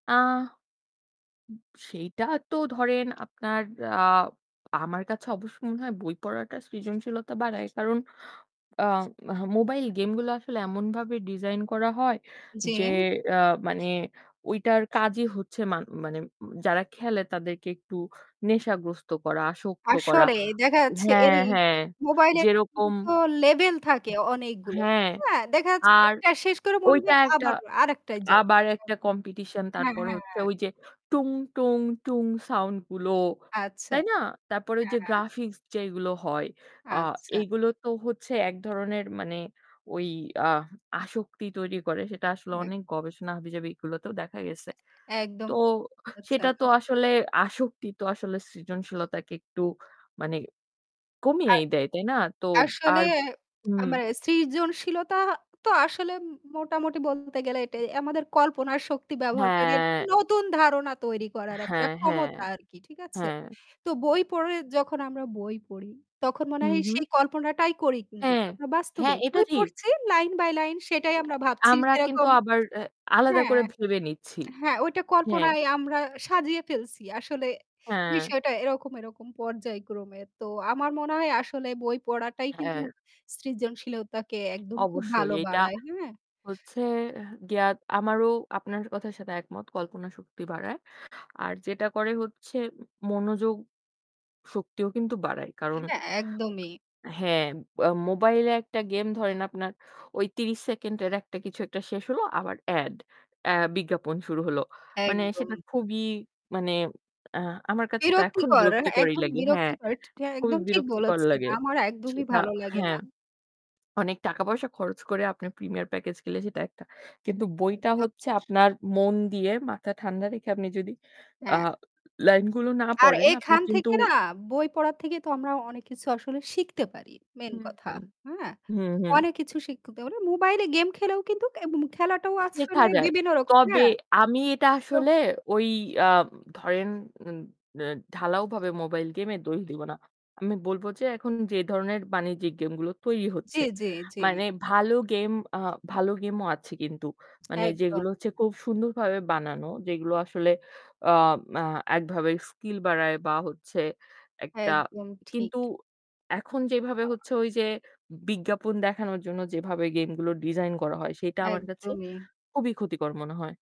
আ সেইটা তো ধরেন আপনার আ আমার কাছে অবশ্য মনে হয় বই পড়াটা সৃজনশীলতা বাড়ায়। কারণ আ মোবাইল গেম গুলো আসলে এমনভাবে ডিজাইন করা হয় যে জ্বী। ইয়া মানে ওইটার কাজই হচ্ছে মানে মানে যারা খেলে তাদেরকে একটু নেশাগ্রস্ত করা আসক্ত করা। আসলেই। দেখা যাচ্ছে এর হ্যাঁ, হ্যাঁ মোবাইলের যেরকম কিন্তু লেভেল থাকে অনেকগুলো। হ্যাঁ। হ্যা, দেখা যাচ্ছে আর একটা শেষ করে মনে ওইটা হয় একটা আবার আরেকটায় যাবে। আবার একটা [unintelligible] কম্পিটিশন হ্যাঁ, তারপরে হ্যাঁ, হচ্ছে হ্যাঁ। ওই যে টুং, টুং, টুং সাউন্ড গুলো। আচ্ছা। তাই না? তারপরে ওই হ্যাঁ, যে হ্যাঁ। গ্রাফিক্স যেগুলো হয় আ আচ্ছা। এগুলো তো হচ্ছে এক ধরনের মানে ওই আ আসক্তি তৈরি করে। সেটা আসলে হ্যা। অনেক গবেষণা হবিজাবি এগুলোতেও দেখা গেছে। একদম তো ঠিক সেটা বলেছেন। তো আসলে আসক্তি তো আসলে সৃজনশীলতাকে একটু মানে আর কমিয়েই দেয়। তাই না? তো আসলে আর হুম। আমার সৃজনশীলতা তো আসলে মোটামুটি বলতে গেলে এটাই আমাদের কল্পনা শক্তি ব্যবহারকারী হ্যাঁ। নতুন ধারণা তৈরি করার একটা হ্যাঁ, হ্যাঁ। ক্ষমতা আরকি। ঠিক আছে? হ্যাঁ। তো বই পড়ে যখন আমরা বই পড়ি, তখন মনে হু, হয় হু। সেই কল্পনাটাই করি কিন্তু হ্যাঁ। আমরা বাস্তবে। হ্যাঁ এটা বই ঠিক। পড়ছি লাইন বাই লাইন সেটাই আমরা ভাবছি আমরা কিন্তু সেরকম আবার আলাদা হ্যাঁ করে ভেবে নিচ্ছি হ্যাঁ। ওইটা হ্যাঁ। কল্পনায় আমরা সাজিয়ে ফেলছি। আসলে হ্যাঁ। বিষয়টা এরকম এরকম পর্যায়ক্রমে। তো আমার মনে হয় আসলে বই পড়াটাই কিন্তু হ্যাঁ। সৃজনশীলতাকে একদম খুব অবশ্যই। ভালো এটা বাড়ায়। হ্যাঁ। হচ্ছে গিয়া আমারও আপনার কথার সাথে একমত কল্পনা শক্তি বাড়ায়। আর যেটা করে হচ্ছে মনোযোগ শক্তিও কিন্তু বাড়ায়। কারণ হ্যাঁ, একদমই। হ্যাঁ, মোবাইলে একটা গেম ধরেন আপনার ওই ৩০ সেকেন্ডের একটা কিছু একটা শেষ হল, আবার এড এ বিজ্ঞাপন শুরু হল। মানে সেটা একদম। খুবই মানে আহ আমার কাছে তো এখন বিরক্তিকর, বিরক্তিকরই একদম লাগে। হ্যাঁ। বিরক্তিকর। খুবই একদম ঠিক বিরক্তিকর বলেছেন। লাগে। আমার একদমই সেটা ভালো লাগে না। হ্যাঁ। অনেক টাকা-পয়সা খরচ করে আপনি প্রিমিয়ার প্যাকেজ গেলে সেটা একটা। কিন্তু বইটা [unintelligible] হচ্ছে আপনার মন দিয়ে মাথা ঠান্ডা রেখে আপনি যদি আ হ্যাঁ। লাইন গুলো না আর পড়েন আপনি এখান কিন্তু থেকে না বই পড়ার থেকে তো আমরা অনেক কিছু আসলে শিখতে পারি। মেইন হুম, কথা। হুম। হ্যাঁ? হুম, হুম। অনেক কিছু শিখতে হলে মোবাইলে গেম খেলেও কিন্তু খেলাটাও শেখা আসলে যায়। বিভিন্ন রকম। তবে হ্যা? আমি এটা তো আসলে ওই আ ধরেন ঢালাওভাবে মোবাইল গেমের দোষ দিব না। আমি বলব যে এখন যে ধরনের বাণিজ্যিক গেম গুলো তৈরি জ্বী, হচ্ছে। জ্বী, জ্বী। মানে ভালো গেম আ ভালো গেম ও আছে কিন্তু। মানে একদম। যেগুলো হচ্ছে খুব সুন্দরভাবে বানানো, যেগুলো আসলে আ [unintelligible] একভাবে স্কিল বাড়ায় বা হচ্ছে একটা একদম ঠিক। কিন্তু এখন যেভাবে হচ্ছে ওই যে বিজ্ঞাপন দেখানোর জন্য যেভাবে গেমগুলো ডিজাইন করা হয় সেটা আমার কাছে একদমই। খুবই ক্ষতিকর মনে হয়।